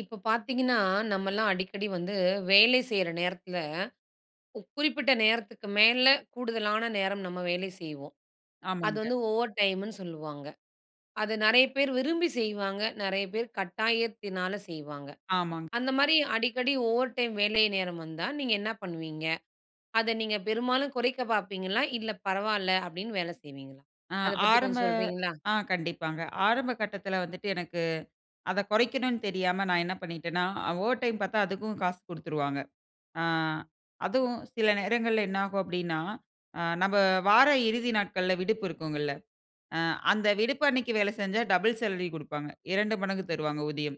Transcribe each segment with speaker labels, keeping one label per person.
Speaker 1: இப்ப பாத்தீங்கன்னா, நம்மல்லாம் அடிக்கடி வந்து வேலை செய்ற நேரத்தில, கு குறிப்பிட்ட நேரத்துக்கு மேல கூடுதலானா நேரம் நம்ம வேலை செய்வோம். அது
Speaker 2: ஆமாங்க.
Speaker 1: வந்து ஓவர் டைம்னு சொல்லுவாங்க. அத நெறைய பேர் விரும்பி செய்வாங்க, நெறைய பேர் கட்டாயத்தினால செய்வாங்க.
Speaker 2: ஆமாங்க.
Speaker 1: அந்தமாரி அடிக்கடி ஓவர் டைம் வேலை நேரம் வந்தா நீங்க என்னா பண்ணுவீங்க? அத நீங்க பெரும்பாலும் குறைக்கப் பாப்பீங்களா? இல்ல பரவால்ல அப்பிடின்னு வேல செய்வீங்களா?
Speaker 2: ஆ,
Speaker 1: அத பத்தி
Speaker 2: ஆரம்ப,
Speaker 1: கொஞ்சம் சொல்றீங்களா?
Speaker 2: ஆ கண்டிப்பாங்க. ஆரம்ப கட்டத்தில வந்துட்டு எனக்கு, அத குறைக்கணுன்னு தெரியாம நான் என்ன பண்ணிட்டேனா, ஆ ஓவர் டைம் பாத்தா அதுக்கும் காசு குடுத்துருவாங்க. ஆ, அதுவும் சில நேரங்கள்ல என்ன ஆகும் அப்பிடின்னா, ஆ நம்ப வார இறுதி நாட்கள்ல விடுப்பு இருக்குங்கல்ல, ஆ அந்த விடுப்பு அன்னக்கி வேல செஞ்சா டபுள் சேலரி குடுப்பாங்க. 2 மடங்கு தருவாங்க ஊதியம்.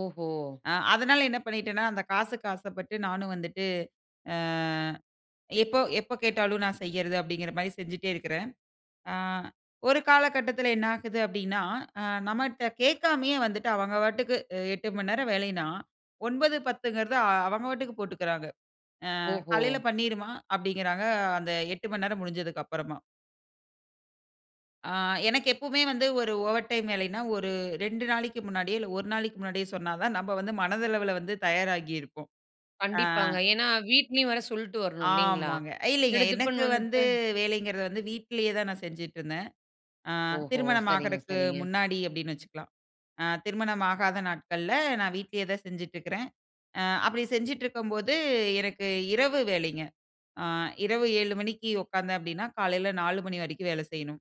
Speaker 1: ஓஹோ!
Speaker 2: ஆ, அதுனால என்ன பண்ணிட்டேன்னா, அந்த காசுக்கு ஆசப்பட்டு நானும் வந்துட்டு, அ எப்போ, எப்ப கேட்டாலும் நான் செய்யிறது அப்பிடிங்கிற மாரி செஞ்சிட்டே இருக்குறேன். ஆ, ஒரு காலகட்டத்தில என்ன ஆகுது அப்பிடின்னா, ஆ நம்மட்ட கேக்காமயே வந்துட்டு, அவங்க பாட்டுக்கு, அ 8:00 மணி நேரம் வேலைன்னா 9:00, 10:00ங்கிறது அ அவங்க பாட்டுக்கு போட்டுக்குறாங்க. அ,
Speaker 1: ஓஹோ!
Speaker 2: காலையில பண்ணிருமா அப்பிடிங்கறாங்க, அந்த 8:00 மணி நேரம் முடிஞ்சதுக்கு அப்பறமா. ஆ, எனக்கு எப்பவுமே வந்து ஒரு ஓவர் டைம் வேலைன்னா, ஒரு 2 நாளைக்கு முன்னாடியே, இல்ல ஒரு நாளைக்கு முன்னாடியே சொன்னா தான் நம்ப வந்து மனதளவுல வந்து தயாராகி இருப்போம். ஆ.
Speaker 1: கண்டிப்பாங்க. ஏன்னா வீட்லேயும் வேற சொல்ட்டு வரணும் இல்லேங்களா!
Speaker 2: ஆமாங்க. ஆ, இல்லேங்க. எனக்கு
Speaker 1: திடுதிப்புன்னு
Speaker 2: வந்து
Speaker 1: வந்துட்டு
Speaker 2: வேலைங்கிறது வந்து வீட்டிலேயே தான் நான் செஞ்சிட்டுருந்தேன். ஆ,
Speaker 1: ஓஹோ!
Speaker 2: திருமணம்
Speaker 1: சரிங்க,
Speaker 2: ஆகுறக்கு
Speaker 1: சரிங்க.
Speaker 2: முன்னாடி அப்பிடின்னு வச்சுக்கலாம். ஆ திருமணம் ஆகாத நாட்கள்ல நான் வீட்டிலேயே தான் செஞ்சுட்டு இருக்கிறேன். ஆ அப்பிடி செஞ்சுட்டுருக்கும்போது எனக்கு இரவு வேலைங்க. ஆ இரவு 7:00 மணிக்கு உட்கார்ந்தேன் அப்பிடின்னா, காலையில 4:00 மணி வரைக்கும் வேலை செய்யணும்.